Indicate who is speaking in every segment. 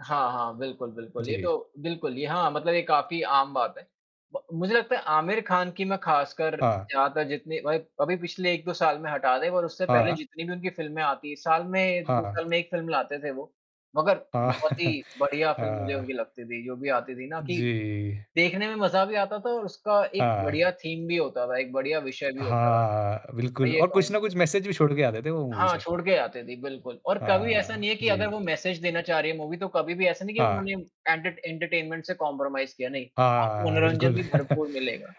Speaker 1: हाँ, हाँ, बिल्कुल, बिल्कुल। ये
Speaker 2: जी।
Speaker 1: तो बिल्कुल ये हाँ, मतलब ये काफ़ी आम बात है, ब मुझे लगता है आमिर खान की मैं ख़ासकर
Speaker 2: हाँ।
Speaker 1: यहाँ तक जितनी भाई अभी पिछले 1-2 साल में हटा दें और उससे पहले
Speaker 2: हाँ।
Speaker 1: जितनी भी उनकी फ़िल्में आती हैं, साल में 2
Speaker 2: हाँ।
Speaker 1: साल में 1 फ़िल्म लाते थे वो। मगर
Speaker 2: हाँ
Speaker 1: बहुत ही बढ़िया फ़िल्म मुझे उनकी
Speaker 2: हाँ।
Speaker 1: लगती थी, जो भी आती थी ना कि
Speaker 2: जी।
Speaker 1: देखने में मज़ा भी आता था और उसका एक
Speaker 2: हाँ।
Speaker 1: बढ़िया थीम भी होता था, एक बढ़िया विषय भी
Speaker 2: हाँ,
Speaker 1: होता था।
Speaker 2: हाँ।
Speaker 1: मैं
Speaker 2: बिल्कुल
Speaker 1: ये
Speaker 2: और कुछ ना कुछ
Speaker 1: कहूँगा।
Speaker 2: मैसेज भी छोड़ के आते थे, वो मूवी
Speaker 1: हाँ,
Speaker 2: से।
Speaker 1: छोड़ के जाते थे बिल्कुल और कभी ऐसा
Speaker 2: हाँ,
Speaker 1: नहीं है कि अगर
Speaker 2: जी।
Speaker 1: वो मैसेज देना चाह रही हैं मूवी तो कभी भी ऐसा नहीं कि
Speaker 2: हाँ।
Speaker 1: उन्होंने एंटर एंटरटेनमेंट से कॉम्प्रोमाइज़ किया नहीं, आपको
Speaker 2: हाँ, बिल्कुल
Speaker 1: मनोरंजन भी भरपूर मिलेगा।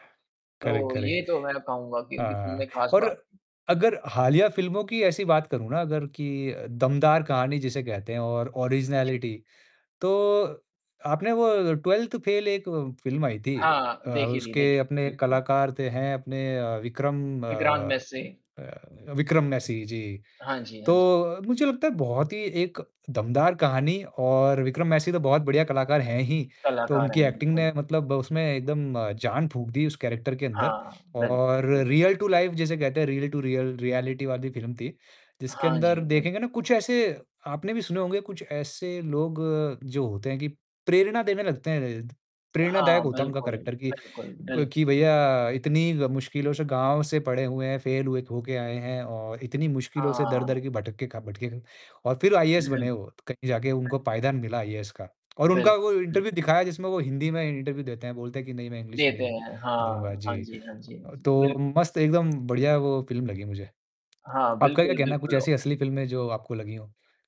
Speaker 2: करेक्ट,
Speaker 1: तो ये
Speaker 2: करेक्ट
Speaker 1: तो मैं कहूँगा कि ये
Speaker 2: हाँ,
Speaker 1: उनकी ख़ास
Speaker 2: और
Speaker 1: बात।
Speaker 2: अगर हालिया फ़िल्मों की ऐसी बात करूँ ना अगर कि अ, दमदार कहानी जिसे कहते हैं और
Speaker 1: जी।
Speaker 2: ऑरिज़नैलिटी, तो आपने वो ट्वेल्थ फ़ेल एक फ़िल्म आई थी।
Speaker 1: हाँ,
Speaker 2: अ,
Speaker 1: देखी थी
Speaker 2: उसके
Speaker 1: देखी,
Speaker 2: अपने
Speaker 1: बिल्कुल।
Speaker 2: कलाकार थे हैं अपने अ, विक्रम
Speaker 1: विक्रांत
Speaker 2: अ
Speaker 1: मेसी।
Speaker 2: अ, विक्रम मेसी जी,
Speaker 1: हाँ जी, हाँ जी।
Speaker 2: तो मुझे लगता है बहुत ही एक दमदार कहानी और विक्रम मेसी तो बहुत बढ़िया कलाकार हैं ही। तो
Speaker 1: कलाकार
Speaker 2: उनकी
Speaker 1: हैं,
Speaker 2: एक्टिंग ने
Speaker 1: बिल्कुल।
Speaker 2: मतलब उसमें एकदम जान फूँक दी उस कैरेक्टर के अंदर
Speaker 1: हाँ, बिल्कुल,
Speaker 2: और
Speaker 1: बिल्कुल।
Speaker 2: रियल टू लाइफ़ जैसे कहते हैं रियल टू रियल रियलिटी वाली फिल्म थी, जिसके
Speaker 1: हाँ जी,
Speaker 2: अंदर
Speaker 1: हाँ जी।
Speaker 2: देखेंगे ना कुछ ऐसे आपने भी सुने होंगे कुछ ऐसे लोग जो होते हैं कि प्रेरणा देने लगते हैं। प्रेरणादायक
Speaker 1: हाँ,
Speaker 2: होता है उनका
Speaker 1: बिल्कुल,
Speaker 2: करैक्टर कि,
Speaker 1: बिल्कुल,
Speaker 2: अ,
Speaker 1: बिल
Speaker 2: कि भैया इतनी ग मुश्किलों से गाँव से पढ़े हुए हैं, फेल हुए होके आए हैं, और इतनी मुश्किलों से
Speaker 1: हाँ।
Speaker 2: दर-दर के भटक के खा भटके खा और फिर आईएएस बने
Speaker 1: बिल्क
Speaker 2: वो, कहीं जाके उनको पायदान मिला आईएएस का। और उनका
Speaker 1: बिल्क
Speaker 2: वो
Speaker 1: हुँ।
Speaker 2: इंटरव्यू दिखाया जिसमें वो हिंदी में इंटरव्यू देते हैं, बोलते हैं कि नहीं मैं इंग्लिश में
Speaker 1: देते
Speaker 2: नहीं
Speaker 1: हैं।
Speaker 2: दूँगा,
Speaker 1: हाँ, हाँ
Speaker 2: जी।
Speaker 1: जी, हाँ जी, हाँ
Speaker 2: अ,
Speaker 1: जी।
Speaker 2: तो
Speaker 1: बिल्कुल।
Speaker 2: मस्त एकदम बढ़िया वो फ़िल्म लगी मुझे।
Speaker 1: हाँ,
Speaker 2: आपका क्या
Speaker 1: बिल्कुल,
Speaker 2: कहना है, कुछ
Speaker 1: बिल्कुल, अ
Speaker 2: ऐसी असली फ़िल्में जो आपको लगी हों?